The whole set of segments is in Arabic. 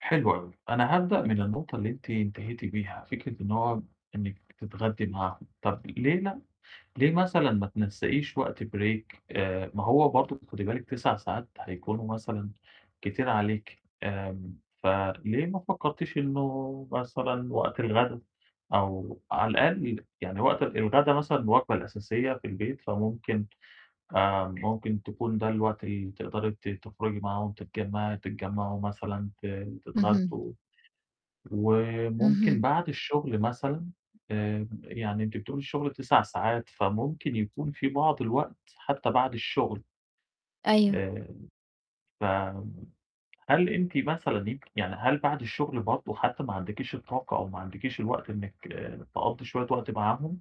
حلو أوي. أنا هابدأ من النقطة اللي أنتِ انتهيتِ بيها. فكرة إن هو إنِّك بتتغدّي معاهم، طَب ليه لأ؟ ليه مثلًا ما تنسَّقيش وقت break؟ آآ، ما هو برضه ت خدي بالِك 9 ساعات هيكونوا مثلًا كتير عليكِ، آمم فليه ما فكّرتيش إنه مثلًا وقت الغدا أو على الأقَل يب يعني وقت الغدا مثلًا الوجبة الأساسية في البيت، فممكن آآ، ممكن تكون ده الوقت اللي تقدري أنتِ تخرُجي معاهم تتجمّعي تتجمّعوا مثلًا ت اهم. تتغدّوا. وممكن اهم. بعد الشُغل مثلًا آآ، يعني أنتِ بتقولي الشُغل 9 ساعات، فممكن يكون فيه بعض الوقت حتّى بعد الشُغل. أيوه. آآ، ف هل أنتِ مثلًا أنتِ يعني هل بَعد الشُغل برضه حتّى ما عندكيش الطاقة أو ما عندكيش الوقت إنّك تقضّي شوية وقت معاهم؟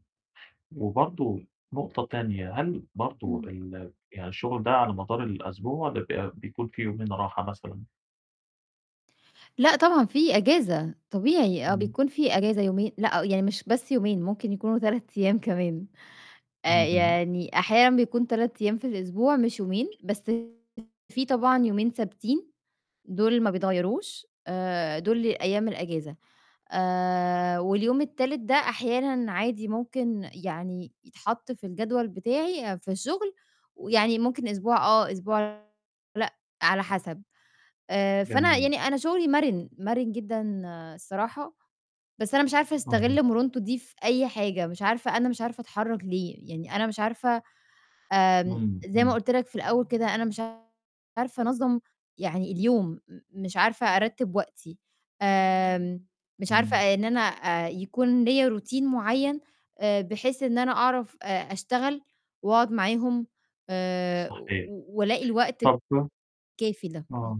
وبرضه نقطة تانية، هل برضه إمم. ال يعني الشُغل ده على مدار الأسبوع لا ب بيكون فيه يومين راحة مثلًا؟ لأ طبعًا في إجازة، طبيعي. آه، إمم. بيكون فيه إجازة يومين لأ، يعني مش بس يومين، ممكن يكونوا 3 أيام كمان. آآ، اهم. يعني أحيانًا بيكون 3 أيام في الأسبوع مش يومين، بس فيه طبعًا يومين ثابتين دُول ما بيتغيّروش آآ، دُول أيام الإجازة. آآ، واليوم التالت ده أحيانًا عادي ممكن يعني يتحَط في الجدول بتاعي في الشُغل ويعني ممكن أسبوع آه، أسبوع لأ، على حَسَب. آآ فأنا جميل. يعني أنا شُغلي مَرِن، مَرِن جدًا الصراحة، بس أنا مش عارفة أها. أستَغِل مرونته دي في أي حاجة، مش عارفة أنا مش عارفة أتحرّك ليه، يعني أنا مش عارفة آمم، [unintelligible] زي ما إمم. قُلت لك في الأول كده، أنا مش عارفة أنظَّم يعني اليوم، م مش عارفة أرتِّب وقتي، آمم مش عارفة إمم. إن أنا آآ، يكون ليّا routine معيّن، آآ، بحيث إن أنا أعرف آآ، أشتغل وأقعُد معاهم آآ، و صحيح. و والاقي الوقت ت طَب الكافي ده، إمم. آه.